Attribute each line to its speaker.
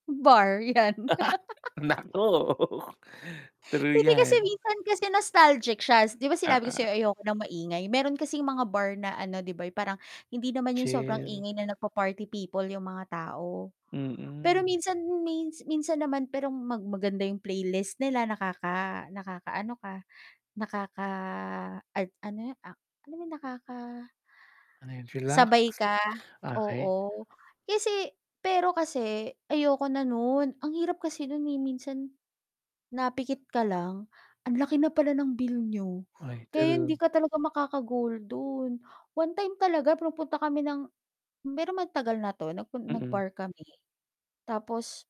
Speaker 1: Bar 'yan.
Speaker 2: Naka naku. True
Speaker 1: Hindi kasi
Speaker 2: 'yan.
Speaker 1: minsan kasi nostalgic siya, s 'di ba, sinabi ko
Speaker 2: Oo.
Speaker 1: sa'yo ayoko ng maingay? Meron kasing mga bar na ano, 'di ba, yung parang hindi naman yung sobrang
Speaker 2: Chill.
Speaker 1: ingay na nagpa-party people yung mga tao. Pero
Speaker 2: Mm.
Speaker 1: minsan m may minsan naman perong mag maganda yung playlist nila, nakaka nakakaano ka, nakaka an ano 'yun, ak ano ba yung nakaka
Speaker 2: Ano 'yun, chillax?
Speaker 1: sabay ka,
Speaker 2: Okey.
Speaker 1: oo, kasi pero kasi ayoko na nun, ang hirap kasi nun, eh, minsan napikit ka lang, anlaki na pala ng bill niyo,
Speaker 2: Ay,
Speaker 1: kaya hindi
Speaker 2: true.
Speaker 1: ka talaga makaka-goal dun. One time talaga pumupunta kami ng pero magtagal na 'to, nagpun
Speaker 2: Mhm.
Speaker 1: nag-bar kami, tapos